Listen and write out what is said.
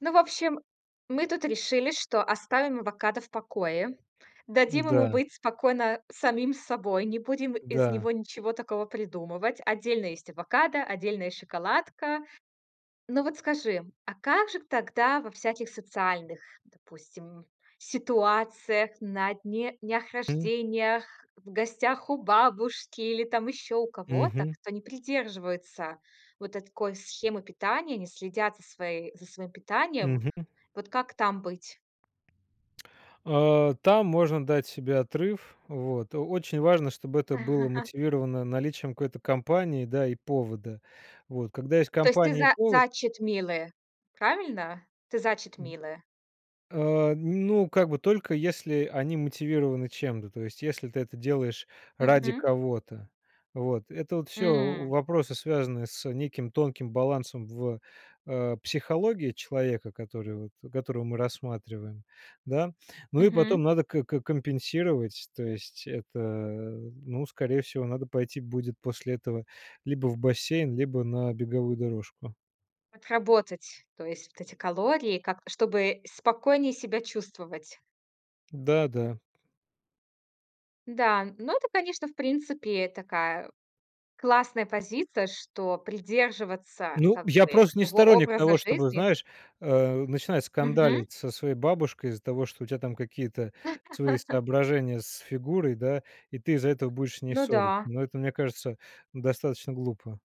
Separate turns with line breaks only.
Ну, в общем, мы тут решили, что оставим авокадо в покое. Дадим ему
Да.
быть спокойно самим собой. Не будем из
Да.
него ничего такого придумывать. Отдельно есть авокадо, отдельная шоколадка. Но вот скажи, а как же к тогда во всяких социальных, допустим, ситуациях, на дне днях
М.
рождениях, в гостях у бабушки или там ещё у кого-то,
Мгм.
кто не придерживается вот этой такой схемы питания, не следят за свои за своим питанием.
Мгм.
Вот как там быть?
Э. Там можно дать себе отрыв. Вот. Очень важно, чтобы это было мотивировано наличием какой-то компании, да, и повода. Вот, когда есть
То есть ты
компания и
за
повод
за читмилы. Правильно? Ты за
М.
читмилы?
Э, ну, как бы, только если они мотивированы чем-то. То есть, если ты это делаешь ради
Мгм.
кого-то. Вот, это вот всё
М.
вопросы, связанные с неким тонким балансом в, э, психологии человека, который вот, которого мы рассматриваем. Да? Ну и потом
Мгм.
надо к компенсировать. То есть, это, ну, скорее всего, надо пойти будет после этого либо в бассейн, либо на беговую дорожку.
Отработать, то есть, вот эти калории как чтобы спокойнее себя чувствовать.
Да, да.
Да, но это, конечно, в принципе, такая классная позиция, что придерживаться
Ну,
как
я
бы
просто не
того
сторонник
образа
того, чтобы,
жизни
знаешь, э, начинать
Мгм.
скандалить со своей бабушкой из-за того, что у тя там какие-то свои соображения с фигурой, да, и ты из-за этого будешь с ней
Ну
ссориться.
да.
Но это, мне кажется, достаточно глупо.